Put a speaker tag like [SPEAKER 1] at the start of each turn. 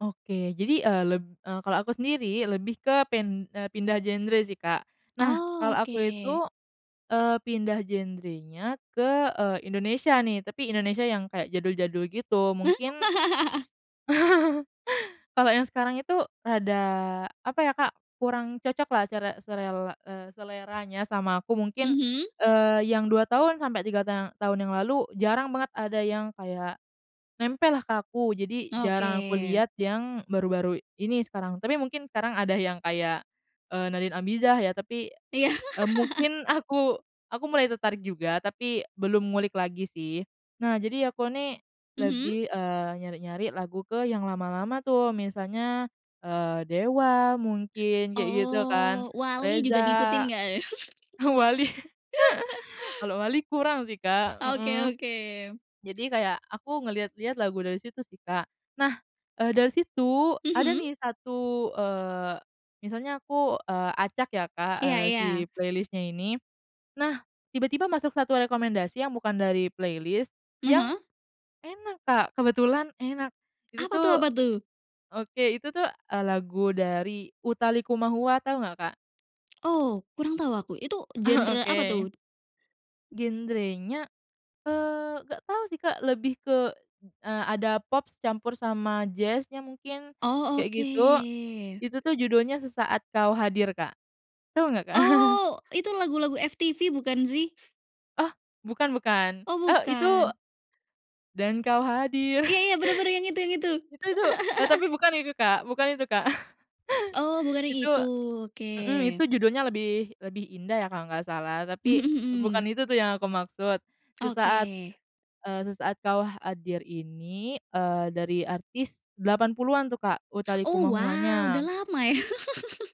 [SPEAKER 1] Oke, jadi e leb e kalau aku sendiri lebih ke pin e pindah genre sih Kak. Nah,
[SPEAKER 2] Oh,
[SPEAKER 1] kalau aku
[SPEAKER 2] oke.
[SPEAKER 1] itu, eee, pindah genre-nya ke, eee, Indonesia nih, tapi Indonesia yang kayak jadul-jadul gitu. Mungkin, kalau yang sekarang itu rada, apa ya Kak, kurang cocok lah cara selela e seleranya sama aku. Mungkin,
[SPEAKER 2] Mhm?
[SPEAKER 1] eee, yang 2 tahun, sampai 3 ta tahun yang lalu, jarang banget ada yang kayak, nempel lah ke aku. Jadi, jarang aku
[SPEAKER 2] Oke.
[SPEAKER 1] liat yang baru-baru ini, sekarang, tapi mungkin sekarang ada yang kayak, eee, Nadine Amizah ya. Tapi,
[SPEAKER 2] Iya.
[SPEAKER 1] e mungkin aku aku mulai tertarik juga, tapi belum ngulik lagi sih. Nah, jadi aku nih,
[SPEAKER 2] Mhm?
[SPEAKER 1] lebih, eee, nyari-nyari lagu ke, yang lama-lama tuh, misalnya, eee, Dewa, mungkin, kayak gitu kan,
[SPEAKER 2] Oh, Wali juga ngikutin
[SPEAKER 1] Reza,
[SPEAKER 2] nggak?
[SPEAKER 1] Wali, kalau Wali kurang sih Kak
[SPEAKER 2] Oke
[SPEAKER 1] heeh.
[SPEAKER 2] oke.
[SPEAKER 1] Jadi, kayak aku ngelihat-lihat lagu dari situ sih Kak, nah, e dari situ, ada
[SPEAKER 2] Mhm?
[SPEAKER 1] nih satu, eee, misalnya aku, eee, acak ya Kak,
[SPEAKER 2] Iya
[SPEAKER 1] eee,
[SPEAKER 2] iya.
[SPEAKER 1] si playlist-nya ini. Nah, tiba-tiba masuk satu rekomendasi yang bukan dari playlist yang
[SPEAKER 2] Heeh?
[SPEAKER 1] enak Kak, kebetulan enak. Itu
[SPEAKER 2] Apa tuh
[SPEAKER 1] tuh
[SPEAKER 2] apa tuh?
[SPEAKER 1] oke, itu tuh, e lagu dari Utha Likumahua, tahu nggak Kak?
[SPEAKER 2] Oh, kurang tahu aku, itu genre
[SPEAKER 1] Oke.
[SPEAKER 2] apa tuh?
[SPEAKER 1] Genre-nya, eee, nggak tau sih Kak, lebih ke, e ada pop campur sama jazz-nya mungkin,
[SPEAKER 2] Oh,
[SPEAKER 1] kayak gitu.
[SPEAKER 2] oke.
[SPEAKER 1] Itu tuh, judulnya "Sesaat Kau Hadir" Kak, tahu nggak Kak?
[SPEAKER 2] Oh, itu lagu-lagu FTV bukan sih?
[SPEAKER 1] Oh, bukan bukan.
[SPEAKER 2] Oh,
[SPEAKER 1] Oh, itu,
[SPEAKER 2] bukan.
[SPEAKER 1] dan kau hadir.
[SPEAKER 2] Iya iya, benar benar, yang itu yang itu.
[SPEAKER 1] Itu itu, e tapi bukan itu Kak, bukan itu Kak.
[SPEAKER 2] Oh, bukan yang
[SPEAKER 1] Itu
[SPEAKER 2] itu?
[SPEAKER 1] mhm, itu
[SPEAKER 2] Oke.
[SPEAKER 1] judulnya "Lebih Lebih Indah" ya, kalau nggak salah,
[SPEAKER 2] Mmm
[SPEAKER 1] tapi
[SPEAKER 2] mhm
[SPEAKER 1] bukan
[SPEAKER 2] mhm.
[SPEAKER 1] itu tuh yang aku maksud. Sesaat,
[SPEAKER 2] Oke.
[SPEAKER 1] e sesaat kau hadir ini, eee, dari artis 80-an tuh Kak, Utha
[SPEAKER 2] Oh wow, udah
[SPEAKER 1] Likumahuwa-nya.
[SPEAKER 2] lama ya?